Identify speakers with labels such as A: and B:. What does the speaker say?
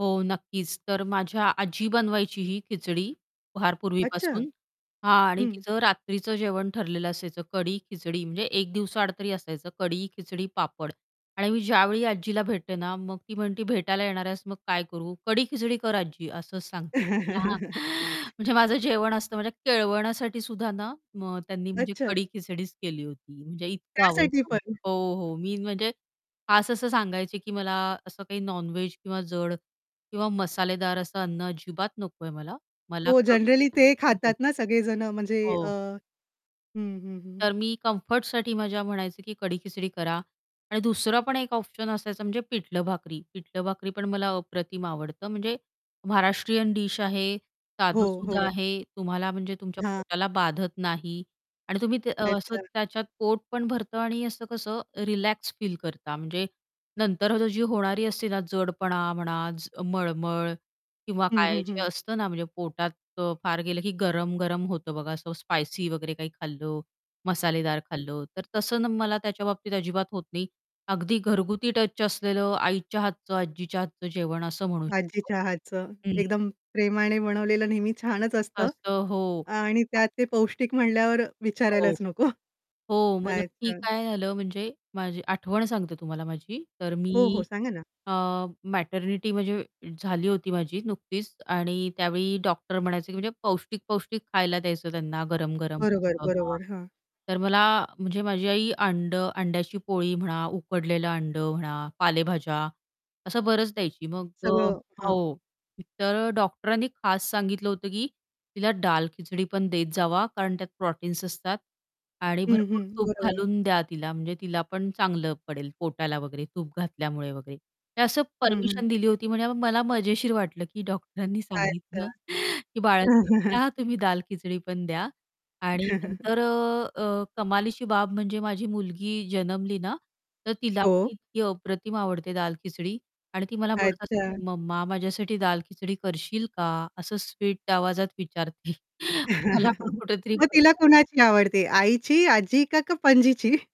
A: हो, नक्कीच. तर माझ्या आजी बनवायची ही खिचडी फार
B: अच्छा.
A: पूर्वीपासून, हां, आणि
B: हं.
A: तिचं रात्रीचं जेवण ठरलेलं असायचं, कढी-खिचडी म्हणजे 1 दिवसाआड तरी असायचं, कढी, खिचडी, पापड. आणि मी ज्यावेळी आजीला भेटते ना, मग ती म्हणते, "भेटायला येणार आहेस, मग काय करू?" "कढी-खिचडी कर आज्जी," असं सांगते. लहान म्हणजे माझं जेवण असतं, म्हणजे केळवणासाठीसुद्धा ना मग त्यांनी म्हणजे
B: अच्छा.
A: कढी-खिचडीच केली होती, म्हणजे इतकं
B: त्यासाठी
A: आवडतं.
B: पण.
A: हो, हो. मी म्हणजे खास असं सांगायचे, की मला असं काही नॉन व्हेज किंवा जड किंवा मसालेदार असं अन्न अजिबात नकोय मला. मला
B: हो.
A: क
B: जनरली ते
A: हो.
B: खातात ना, सगळे जणं म्हणजे अ
A: हो.
B: हं, हं, हं.
A: तर मी कम्फर्टसाठी माझ्या म्हणायचे, की कढी-खिचडी करा. आणि दुसरा पण 1 ऑप्शन असायचा म्हणजे पिठलं-भाकरी. पिठलं-भाकरी पण मला अप्रतिम आवडतं. म्हणजे महाराष्ट्रीयन डिश आहे,
B: हो,
A: साधंसुधं
B: हो.
A: आहे, तुम्हाला म्हणजे तुमच्या
B: [unintelligible]
A: पोटाला बाधत नाही. आणि तुम्ही ते असं
B: अच्छा.
A: त्याच्यात पोट पण भरतं आणि असं कसं रिलॅक्स फील करता, म्हणजे नंतरची जी होणारी असते ना जडपणा म्हणा, च मळमळ किंवा
B: हं,
A: काय
B: हं,
A: जे
B: हं.
A: असतं ना, म्हणजे पोटात अ, फार गेलं की गरम-गरम होतं बघा असं स्पायसी वगैरे काही खाल्लं, मसालेदार खाल्लं. तर तसं मला त्याच्याबाबतीत अजिबात होत नाही, अगदी घरगुती टच असलेलं आईच्या हातचं, आजीच्या हातचं जेवण असं म्हणू शकतो.
B: आजीच्या हातचं.
A: हं.
B: एकदम प्रेमाने बनवलेलं नेहमी छानच असतं
A: असं. हो.
B: आणि
A: [unintelligible]
B: त्यात ते पौष्टिक म्हणल्यावर
A: हो.
B: विचारायलाच नको.
A: हो, मग नक्की
B: अच्छा.
A: काय झालं म्हणजे माझी आठवण सांगते तुम्हाला माझी. तर
B: हो, हो,
A: मी
B: सांगा ना.
A: अ, मॅटर्निटी म्हणजे झाली होती माझी नुकतीच आणि त्यावेळी डॉक्टर म्हणायचे, की म्हणजे पौष्टिक-पौष्टिक खायला द्यायचं त्यांना, गरम-गरम.
B: बरोबर,
A: असं हां,
B: बरोबर. हां.
A: तर मला म्हणजे माझी आई अंडं अंड्याची पोळी म्हणा, उकडलेलं अंडं म्हणा, पालेभाज्या असं बरंच द्यायची मग अ,
B: सगळं, हां.
A: हो. तर डॉक्टरांनी खास सांगितलं होतं, की तिला दाल-खिचडी पण देत जावा कारण त्यात प्रोटीन्स असतात. आणि
B: हं,
A: भरपूर
B: हं.
A: तूप
B: बरोबर.
A: घालून द्या तिला, म्हणजे तिला पण चांगलं पडेल पोटाला वगैरे, तूप घातल्यामुळे वगैरे. तर असं
B: हं, हं.
A: परमिशन दिली होती. म्हणे मला मजेशीर वाटलं की डॉक्टरांनी
B: अच्छा.
A: सांगितलं, की बाळाला [unintelligible] तुम्ही दाल-खिचडी पण द्या आणि नंतर अ, अ, कमालीची बाब म्हणजे माझी मुलगी जन्मली ना, तर तिला पण
B: हो.
A: इतकी अप्रतिम आवडते दाल-खिचडी. आणि ती मला म्हणत असते
B: अच्छा.
A: "मम्मा माझ्यासाठी दाल-खिचडी करशील का?" असं स्वीट आवाजात विचारते मला पण कुठेतरी
B: मग तिला
A: [unintelligible]
B: कोणाची आवडते, आईची, आजी का का पंजीची?